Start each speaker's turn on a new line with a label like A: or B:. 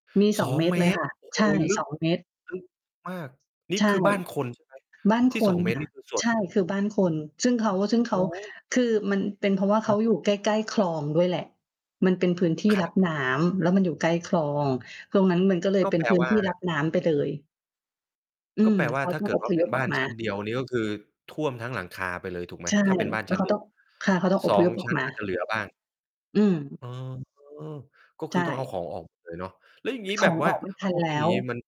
A: มี
B: ส
A: สอ
B: อ
A: ง
B: ง
A: เมต
B: เ
A: ร
B: ม
A: เลย
B: ต
A: ค
B: ร
A: ่ะ
B: โอ้โ
A: ใ
B: ฮ
A: ช่
B: ลึ
A: ส
B: ก
A: อง เมตร
B: ลึกมาก นี่
A: ใช่
B: คือบ้านคน ใช่ไหม
A: บ้าน
B: ที
A: ค
B: ่ ส
A: น
B: อง เมต
A: ค
B: ร
A: ่
B: น
A: ะ
B: ี่ คือส่ว
A: ใช
B: น
A: ่ คือบ้านคน ซึ่งเขา ซึ่งเข
B: โอ
A: า
B: ้โฮ
A: คือมันเป็นเพราะว่าเ
B: ค
A: ข
B: ร
A: า
B: ับ
A: อยู่ใกล้ ๆ คลองด้วยแหละ มันเป็นพื้นที่
B: คร
A: ร
B: ั
A: ั
B: บ
A: บน้ำ แล้วมันอยู่ใกล้คลอง ตรงนั้นมันก็เลย
B: ก็
A: เป็
B: แ
A: น
B: ปล
A: พื้น
B: ว่
A: ท
B: า
A: ี่รับน้ำไปเลย อื
B: ก็
A: ม
B: แปลว
A: เ
B: ่
A: ข
B: า
A: า
B: ถ้
A: ต
B: า
A: ้อ
B: เ
A: ง
B: กิ
A: อ
B: ดว
A: พ
B: ่าเป
A: ย
B: ็
A: พ
B: น
A: อ
B: บ้
A: อ
B: า
A: ก
B: น
A: มา
B: ชั้นเดียวนี้ ก็คือท่วมทั้งหลังคาไปเลยถูกไหม?
A: ใช่
B: ถ้าเป็นบ้าน
A: แล้
B: ช
A: ว
B: ั้
A: เข
B: น
A: า
B: เดี
A: ต้
B: ย
A: อ
B: ว
A: ง ค่ะ เขาต้องอ
B: ส
A: พ
B: อ
A: ย
B: ง
A: พออ
B: ช
A: ก
B: ั้น
A: ม
B: อาจ จ
A: า
B: ะเหลือบ้าง
A: อืม
B: อ๋อ ก็
A: ใ
B: ค
A: ช
B: ือต้องเอา
A: ่
B: ของออก หมด เลยเนาะ แล้วอย่างงี้
A: ข
B: แบ
A: อ
B: บ
A: ง
B: ว
A: อ
B: ่า
A: อกไม่ทั
B: พ
A: น
B: อ
A: แ
B: เ
A: ล
B: ป็น
A: ้
B: อย่า
A: ว
B: งนี้มัน